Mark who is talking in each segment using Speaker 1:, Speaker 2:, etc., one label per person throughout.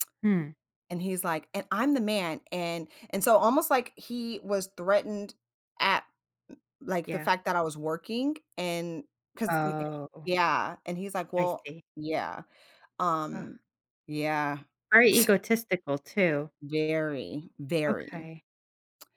Speaker 1: Mm.
Speaker 2: And he's, like, "And I'm the man," and and so almost like he was threatened at n like the
Speaker 1: Yeah.
Speaker 2: fact that I was working and 'cause n eh,
Speaker 1: Oh.
Speaker 2: yeah, and he's like,
Speaker 1: I
Speaker 2: "Well,"
Speaker 1: see.
Speaker 2: yeah,
Speaker 1: Huh.
Speaker 2: um, yeah.
Speaker 1: Very egotistical, too.
Speaker 2: Very, very.
Speaker 1: Okay.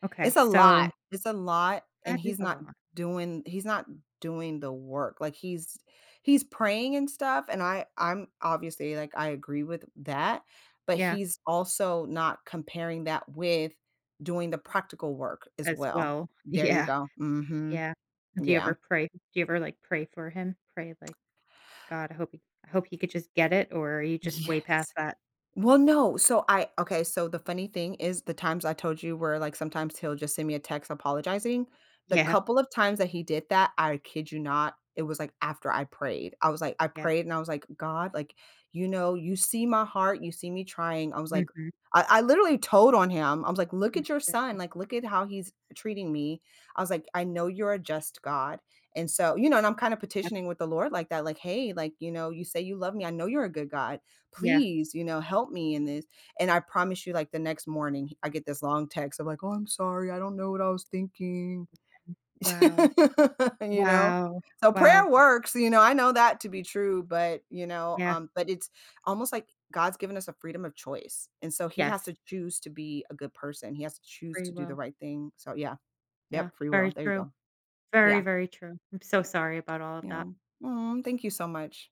Speaker 1: Okay,
Speaker 2: It's a
Speaker 1: so
Speaker 2: lot, it's a lot, and
Speaker 1: That is
Speaker 2: he's
Speaker 1: a
Speaker 2: not
Speaker 1: lot.
Speaker 2: doing he's not doing the work. Like, he's he's praying and stuff, and I I'm obviously, like, I agree with that, but
Speaker 1: Yeah.
Speaker 2: he's also not comparing that with doing the practical work as
Speaker 1: As
Speaker 2: well.
Speaker 1: well.
Speaker 2: There you
Speaker 1: Yeah,
Speaker 2: go. Mhm.
Speaker 1: yeah. Do you
Speaker 2: Yeah.
Speaker 1: ever pray do you ever, like, pray for him, pray, like, "God, I hope he I hope he could just get it," or are you just
Speaker 2: Yes.
Speaker 1: way past that?
Speaker 2: Well, no, so I Okay, so the funny thing is the times I told you where like, sometimes he'll just send me a text apologizing? The
Speaker 1: Yeah.
Speaker 2: couple of times that he did that, I kid you not, it was, like, after I prayed. I was like, I
Speaker 1: Yeah.
Speaker 2: prayed and I was like, "God, like, you know, you see my heart, you see me trying" I was like
Speaker 1: Mhm.
Speaker 2: I I literally told on him, I was, like, "Look at your son, like, look at how he's treating me." I was, like, "I know you're a just God," and so You know, and I'm kinda
Speaker 1: [unintelligible]
Speaker 2: petitioning with the Lord like that. Like, "Hey, like, you know, you say you love me. I know you're a good God,
Speaker 1: Yeah.
Speaker 2: please, you know, help me in this," and I promise you, like, the next morning he I get this long text of like, "Oh, I'm sorry. I don't know what I was thinking,"
Speaker 1: Wow.
Speaker 2: you know?
Speaker 1: Wow.
Speaker 2: So prayer
Speaker 1: Wow.
Speaker 2: works, you know, I know that to be true, but you know,
Speaker 1: Yeah.
Speaker 2: um, but it's almost like God's given us a freedom of choice, and so he has
Speaker 1: Yes.
Speaker 2: to choose to be a good person, he has to choose
Speaker 1: Free
Speaker 2: to do the
Speaker 1: will.
Speaker 2: right thing, so, yeah.
Speaker 1: Yeah,
Speaker 2: Yep, free
Speaker 1: very
Speaker 2: will, there you
Speaker 1: true.
Speaker 2: go.
Speaker 1: Very,
Speaker 2: Yeah.
Speaker 1: very true. I'm so sorry about all of
Speaker 2: You
Speaker 1: that.
Speaker 2: know. Aw, thank you so much.